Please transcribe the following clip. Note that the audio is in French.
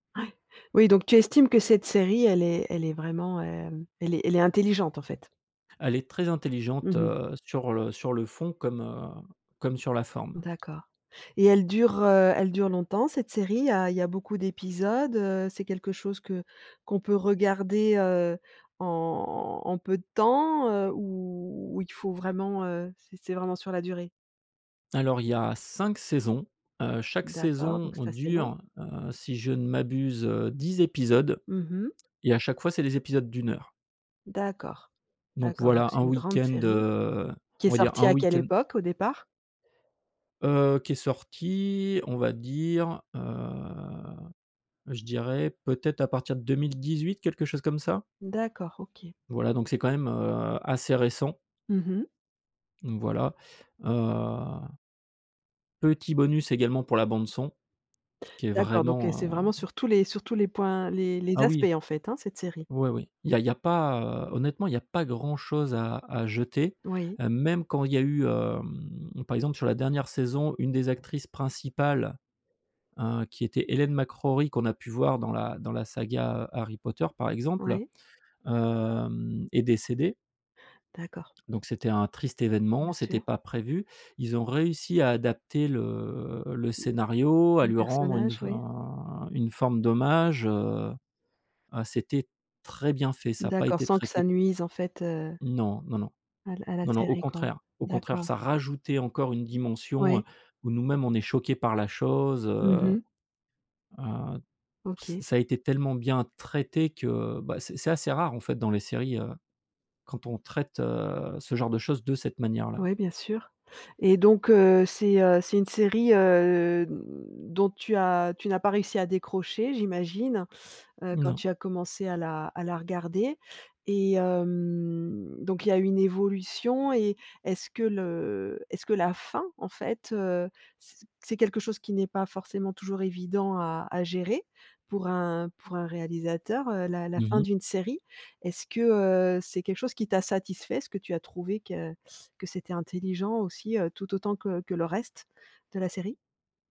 Ouais, oui, donc tu estimes que cette série, elle est elle est vraiment, hem, elle est elle est intelligente, en fait? Elle est très Mmh intelligente, mh. heu, sur le sur le fond, comme, heu, comme sur la forme. D'accord, et elle dure, heu, elle dure longtemps, cette série, heu? Il y a beaucoup d'épisodes, heu? C'est quelque chose que qu'on peut regarder, heu, en en peu de temps, heu, ou il faut vraiment, heu, c'est c'est vraiment sur la durée? Alors, il y a 5 saisons. Heu, chaque D'accord, saison donc c'est assez long. dure, heu, si je ne m'abuse, heu, 10 épisodes, Mmh mh. et à chaque fois, c'est des épisodes d'1 heure. D'accord Donc d'accord, donc voilà c'est un une grande week-end, série, heu, qui on est va dire sortie un à quelle week-end époque au départ? Heu, qui est sorti, on va dire, heu, je dirais peut-être à partir de 2018, quelque chose comme ça. D'accord, OK. Voilà donc c'est quand même, heu, assez récent. Mmh mh. Voilà, heu. Petit bonus également pour la bande son, qui est D'accord donc heu, c'est vraiment, vraiment heu sur tous les sur tous les points les les Ah aspects, oui en fait, hein, cette série? oui oui, il y a il y a pas, heu, honnêtement, il y a pas grand chose à à jeter. Oui. Heu, même quand il y a eu, hem, par exemple, sur la dernière saison, une des actrices principales, heu, qui était Hélène McRaury qu'on a pu voir dans la dans la saga, heu, Harry Potter, par exemple, Ouais. hem, est décédée. D'accord. Donc c'était un triste Bien événement, c'était sûr. pas prévu. Ils ont réussi à adapter le le scénario, à Le lui rendre une personnage, oui. fin une forme d'hommage, heu, ah c'était très bien fait, ça a pas D'accord, été sans que ça traité nuise, en fait, heu Non, non, non, à la à la non, non, au série, quoi. contraire au contraire D'accord. ça rajoutait encore une dimension, heu, Ouais. où nous-mêmes on est choqué par la chose, Mmh heu mh. heu, ç OK. ça a été tellement bien traité que, bah, c'est c'est assez rare, en fait, dans les séries, heu, quand on traite, heu, ce genre de choses de cette manière là. Oui, bien sûr, et donc heu, c'est, heu, c'est une série, heu, dont tu as tu n'as pas réussi à décrocher, j'imagine, heu, quand Non. tu as commencé à la à la regarder? Et hem, donc il y a une évolution et est ce que le est ce que la fin, en fait, heu, c'est c'est quelque chose qui n'est pas forcément toujours évident à à gérer pour un pour un réalisateur, la la Mmh fin mh. d'une série? Est-ce que, heu, c'est quelque chose qui t'a satisfait? Est-ce que tu as trouvé que que c'était intelligent aussi, heu, tout autant que que le reste de la série?